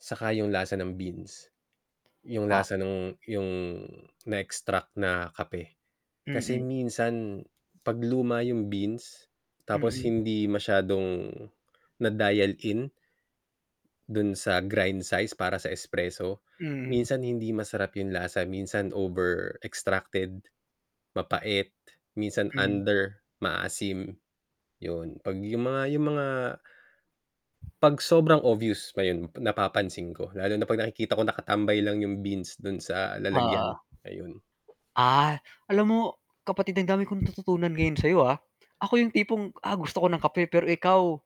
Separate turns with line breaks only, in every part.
Saka yung lasa ng beans. Yung
Ta
lasa nung yung na-extract na kape. Kasi
Mm.
minsan 'pag luma yung beans, tapos
Mm.
hindi masyadong na-dial in, do'n sa grind size para sa espresso,
Mhm.
minsan hindi masarap yung lasa, minsan over-extracted, mapait, minsan
Hmm.
under, maasim, yun. 'Pag yung mga yung mga 'pag sobrang obvious, ayun, napapansin ko. Lalo na 'pag nakikita ko nakatambay lang yung beans do'n sa lalagyan,
Oo.
ayun.
Ah. Alam mo, kapatid ang dami kong natututunan ngayon sayo, ah. Ako yung tipong, "Ah, gusto ko ng kape," pero ikaw,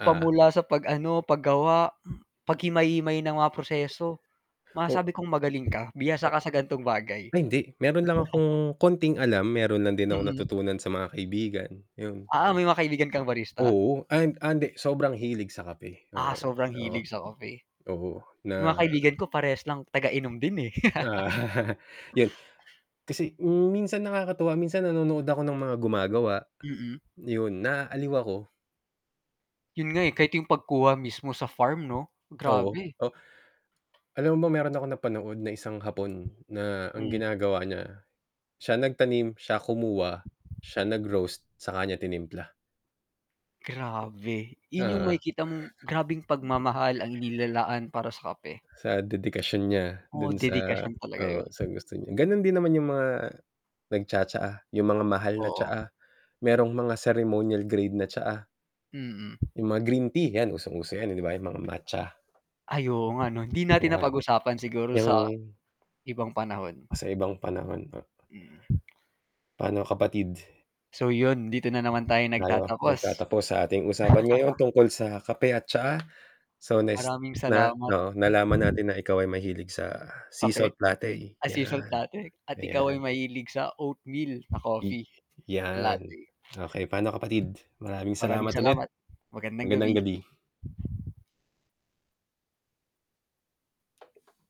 pa mula sa 'pag ano, paggawa, paghimay-himay ng mga proseso,
O
masasabi kong magaling ka. Bihasa
Ay, yun
ka sa ganitong
'yon.
bagay.
Ay, hindi. Meron lang akong konting alam, meron lang din akong
Mm.
natutunan sa mga kaibigan, yun.
Ah, may mga kaibigan kang barista?
Oo, and ah, hindi, sobrang hilig sa kape,
Ah,
oo.
sobrang
Oo.
hilig sa kape.
Oo,
Yung mga
na
kaibigan ko parehas lang taga inom din, eh.
Yun. Kasi hmm, minsan nakakatuwa, minsan nanonood ako ng mga gumagawa.
Mm.
Yun, naaaliw ako.
Yun nga, eh, kahit yung pagkuha mismo sa farm, 'no?
Oo.
Grabe.
Oh alam mo ba, meron akong napanood na isang Hapon na ang
Hmm.
ginagawa niya, siya nagtanim, siya kumuha, siya nag-roast, saka niya tinimpla.
Grabe. Yun 'yong
Oo.
makikita mong grabeng
Hmm.
pagmamahal ang inilalaan para sa kape.
Sa dedikasyon niya
Oo,
do'n sa
dedikasyon talaga
oo,
yun.
sa gusto niya. Gano'n din naman yung mga nagtsa-tsaa, yung mga mahal na
Oo.
tsaa. Merong mga ceremonial grade na tsaa.
Mm.
Yung mga green tea, yan, usong-uso yan, eh, 'di ba? Yung mga matcha.
Ay, oo nga 'no? Hindi natin
Niya
napag-usapan. Siguro
Yang
sa ibang panahon.
Sa ibang panahon po.
Mm.
Pa'no kapatid?
So yun, dito na naman tayo
Tayo
nagtatapos.
nagtatapos sa ating usapan ngayon tungkol sa kape at tsaa, so next
Maraming
na
salamat.
oo, nalaman natin na ikaw ay mahilig sa sea
Kape?
salt latte,
Ah, sea salt
yan.
latte. At ikaw ay
Ayan.
mahilig sa oatmeal na
I
coffee, na
yan.
latte.
Okey, pa'no kapatid? Maraming
Maraming
salamat ulit.
salamat. Magandang
Magandang
gabi.
gabi.